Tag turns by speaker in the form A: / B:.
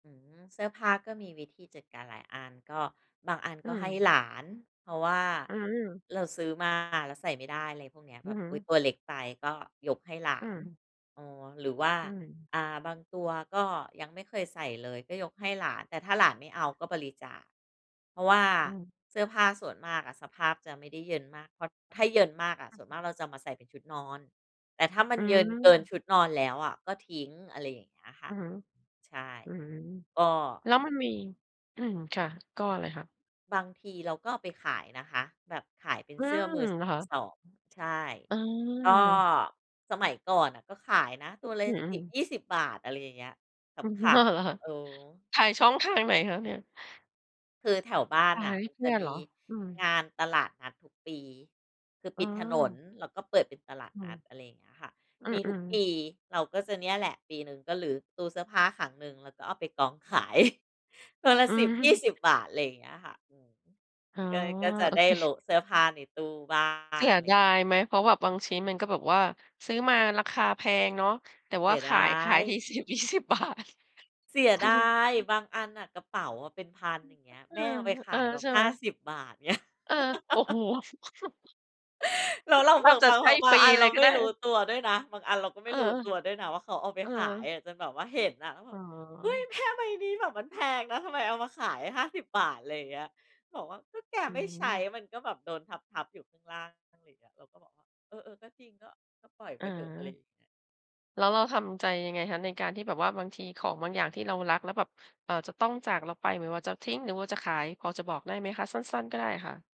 A: อืม เสื้อผ้าก็มีวิธีจัดการหลายอัน ก็บางอัน
B: อื
A: ก็ให้
B: ม
A: หลาน เพราะว่า
B: อืม
A: เราซื้อมาแล้วใส่ไม่ได้ อะไรพวกนี้
B: อ
A: แ
B: ื
A: บ
B: อ
A: บ
B: ฮึ
A: อุ๊ย ตัวเล็กไป ก็ยกให้หลา
B: อื
A: น
B: ม
A: เออ หรือว่า
B: อืม
A: อ่า บางตัวก็ยังไม่เคยใส่เลย ก็ยกให้หลาน แต่ถ้าหลานไม่เอาก็บริจาค เพราะว่า
B: อืม
A: เสื้อผ้าส่วนมากอะ สภาพจะไม่ได้เยินมาก เพราะถ้าเยินมากอะ
B: อ
A: ส
B: ือ
A: ่วน
B: ฮึ
A: มากเราจะเอามาใส่เป็นชุดนอน แต่ถ้ามั
B: อ
A: น
B: ื
A: เยินเกิน
B: ม
A: ชุดนอนแล้วอะก็ทิ้ง อะไรอย่างเงี้ยค่
B: อ
A: ะ
B: ือฮึ
A: ใช่
B: อืม
A: ก็
B: แล้วมันมี อืม ค่ะ ก็อะไรคะ?
A: บางทีเราก็เอาไปขายนะคะ แบบขายเป็น
B: อื
A: เสื้อมื
B: ม
A: อ ส
B: ค่ะ
A: 2 ใช่
B: อื
A: ก็
B: ม
A: สมัยก่อนน่ะก็ขายนะตัวล่ะ
B: ฮ อื
A: สิบ
B: ม
A: ยี่สิบ บาท อะไรอย่างเงี้ย
B: อือ
A: ข
B: ฮึ พอเหรอ
A: ำ
B: ค่ะ
A: ๆ เออ
B: ขายช่องทางไหนคะเนี่ย?
A: คือแถวบ้า
B: ข
A: นน
B: า
A: ่
B: ย
A: ะ
B: ให้
A: มัน
B: เพ
A: จ
B: ื
A: ะ
B: ่อน
A: ม
B: เห
A: ี
B: รอ? อืม
A: งานตลาดนัดทุกปี คือ
B: อ
A: ป
B: ๋
A: ิดถนน
B: อ
A: แล้วก็เปิดเป็นตลาด
B: อื
A: นัด
B: อ
A: อะไรเงี้ยค่ะ
B: อื
A: มีทุก
B: อ ๆ
A: ปี เราก็จะเนี่ยแหละ ปีหนึ่งก็รื้อตู้เสื้อผ้าครั้งหนึ่ง แล้วก็เอาไปกอง ขาย ตัวละ
B: อื
A: สิบยี่
B: ม
A: สิบ บาท อะไรเงี้ยค่ะ อืม
B: อ๋อ
A: ก็ ก็จะ
B: โอ
A: ได
B: เ
A: ้
B: ค
A: โล๊ะเสื้อผ้าในตู้บ้า
B: เส
A: ง
B: ีย
A: อะไรเ
B: ด
A: งี้ย
B: ายไหม เพราะแบบบางชิ้น มันก็แบบว่าซื้อมาราคาแพงเนาะ แต่
A: เส
B: ว่
A: ี
B: า
A: ย
B: ข
A: ดา
B: าย ขายที
A: ย
B: 10-20 บาท
A: เสียดาย บางอันน่ะ กระเป๋าอะเป็น 1,000
B: อืม
A: อย่างเงี้ย
B: ฮ เอ
A: แ
B: อ
A: ม่เอาไปข
B: เออ
A: ายแบบ
B: ใช่
A: ห
B: ไห
A: ้
B: ม?
A: าสิบ บาทเงี้ย
B: เออ โอ้โฮ
A: แล้วเรา
B: แท
A: แบ
B: บ
A: บ
B: จะ
A: บาง
B: ใ
A: แบ
B: ห้
A: บ บ
B: ฟ
A: า
B: ร
A: ง
B: ี
A: อันเ
B: เล
A: รา
B: ยก็
A: ไม
B: ไ
A: ่
B: ด
A: รู้
B: ้
A: ตัวด้วยนะ บางอันเราก็ไ
B: เ
A: ม
B: อ
A: ่
B: อ
A: รู้ตัวด้วยนะว่าเขาเอาไป
B: เออ
A: ขายอะ จนแบบว่าเห็นอะ แล้วแบ
B: อ๋
A: บ "เฮ้ย
B: อ
A: แม่ใบนี้แบบมันแพงนะ ทำไมเอามาขาย 50 บาท" อะไรอย่างเงี้ย บอกว่า ก็แก
B: อื
A: ไม่ใช้
B: ม
A: มันก็แบบโดนทับ ๆ อยู่ข้างล่าง ล่าง อะไรอย่างเงี้ย เราก็บอกว่า เออ เออ ก็จริง ก็ ก็ปล่อย
B: อ
A: ไปเถอะ อะไรอย
B: า
A: ่างเงี้ย
B: แล้วเราทำใจยังไงคะในการที่แบบว่า บางทีของบางอย่างที่เรารัก แล้วแบบ เอ่อ จะต้องจากเราไป ไม่ว่าจะทิ้ง หรือว่าจะขาย พอจะบอกได้ไหมคะ? สั้น ๆ ก็ได้ค่ะ